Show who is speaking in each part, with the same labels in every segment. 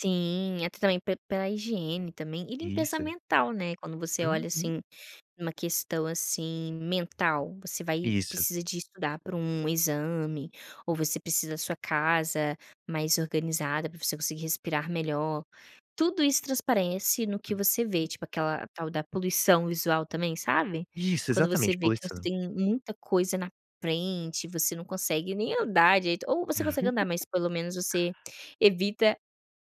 Speaker 1: Sim, até também pe pela higiene também, e limpeza
Speaker 2: Isso.
Speaker 1: mental, né, quando você olha
Speaker 2: Uhum.
Speaker 1: assim, uma questão, assim, mental, você vai
Speaker 2: Isso.
Speaker 1: precisa de estudar para um exame ou você precisa sua casa mais organizada, para você conseguir respirar melhor. Tudo isso transparece no que você vê,
Speaker 2: [unintelligible]
Speaker 1: tipo, aquela tal da poluição visual também, sabe.
Speaker 2: Isso,
Speaker 1: Quando você
Speaker 2: exatamente,
Speaker 1: vê que você
Speaker 2: poluição.
Speaker 1: tem muita coisa na frente, você não consegue nem andar direito, ou você consegue andar, mas pelo menos você evita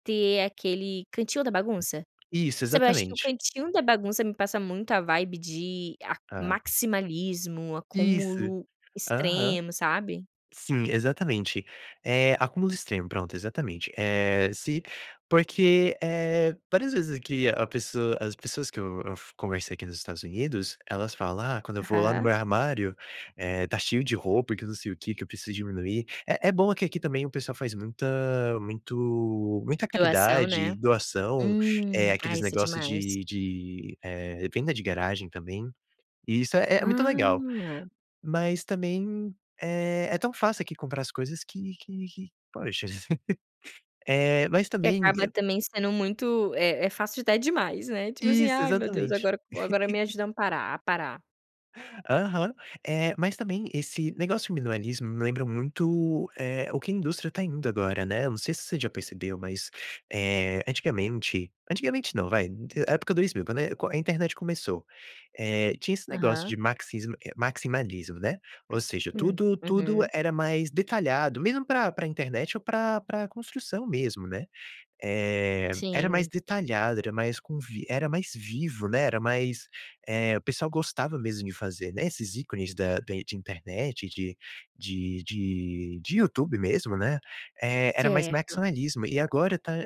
Speaker 1: ter aquele cantinho da bagunça.
Speaker 2: Isso,
Speaker 1: Sabe, eu acho que o
Speaker 2: exatamente.
Speaker 1: cantinho da bagunça me passa muito a vibe de a
Speaker 2: Ah.
Speaker 1: maximalismo,
Speaker 2: Isso.
Speaker 1: acúmulo
Speaker 2: Aham.
Speaker 1: extremo, sabe.
Speaker 2: Sim, exatamente. Eh, acúmulos extremo, pronto, exatamente. Eh, se porque, eh, várias vezes que a pessoa as pessoas que eu eu f conversei aqui nos Estados Unidos, elas falam: "Ah, quando eu vou lá no
Speaker 1: Aham.
Speaker 2: meu armário, eh, tá cheio de roupa, e que não sei o que, que eu preciso diminuir". É é bom que aqui também o pessoal faz muita muito muita
Speaker 1: Doação, né.
Speaker 2: caridade, doação, eh,
Speaker 1: Hum. Ah,
Speaker 2: aqueles
Speaker 1: isso é
Speaker 2: negócio
Speaker 1: demais.
Speaker 2: de de, eh, venda de garagem também, e isso é é muito legal.
Speaker 1: Ah.
Speaker 2: Mas também, eh, é tão fácil aqui comprar as coisas que que que, poxa Eh, mas
Speaker 1: Que
Speaker 2: também
Speaker 1: acaba
Speaker 2: [unintelligible]
Speaker 1: também sendo muito é é fácil de dar demais, né, tipo assim:
Speaker 2: Isso,
Speaker 1: "Ai meu Deus,
Speaker 2: exatamente.
Speaker 1: agora agora me ajuda amparar a parar".
Speaker 2: Aham. Eh, mas também, esse negócio de minimalismo me lembra muito, eh, o que a indústria tá indo agora, né, eu não sei se você já percebeu, mas, eh, antigamente antigamente não, vai, época 2000, quando é a internet começou, eh, tinha esse negócio de
Speaker 1: Aham.
Speaker 2: maxismo eh, maximalismo, né, ou seja,
Speaker 1: Hum,
Speaker 2: tudo tudo
Speaker 1: uhum.
Speaker 2: era mais detalhado, mesmo para para internet ou pra pra construção mesmo, né. Eh, era mais
Speaker 1: Sim.
Speaker 2: detalhado, era mais com vi era mais vivo, né, era mais, eh, o pessoal gostava mesmo de fazer, né, esses ícones da de de internet, de de de de YouTube mesmo, né, eh, era mais
Speaker 1: Certo.
Speaker 2: maximalismo, e agora tá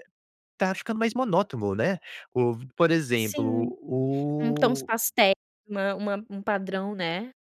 Speaker 2: tá ficando mais monótono, né, o v por exemplo,
Speaker 1: Sim. Um tons
Speaker 2: o
Speaker 1: pastéis, uma uma um padrão, né.